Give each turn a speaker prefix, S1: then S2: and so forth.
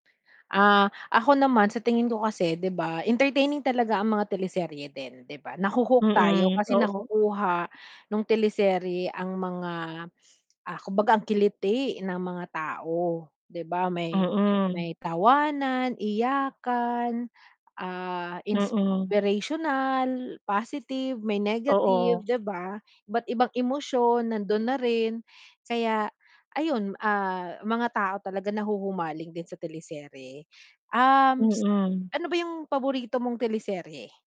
S1: Ah, ako naman sa tingin ko kasi, 'di ba, entertaining talaga ang mga teleserye din, 'di ba? Nahu-hook tayo
S2: Mm,
S1: kasi
S2: oo.
S1: nakukuha nung teleserye ang mga, ah, kumbaga ang kiliti ng mga tao, 'di ba, may
S2: Mm.
S1: may tawanan, iyakan, ah,
S2: Mm.
S1: inspirational, positive, may negative,
S2: Oo.
S1: 'di ba? Iba't ibang emosyon, nandun na rin kaya ayun, ah, mga tao talaga nahuhumaling din sa teleserye. Um, s
S2: Mm.
S1: ano ba yung paborito mong teleserye?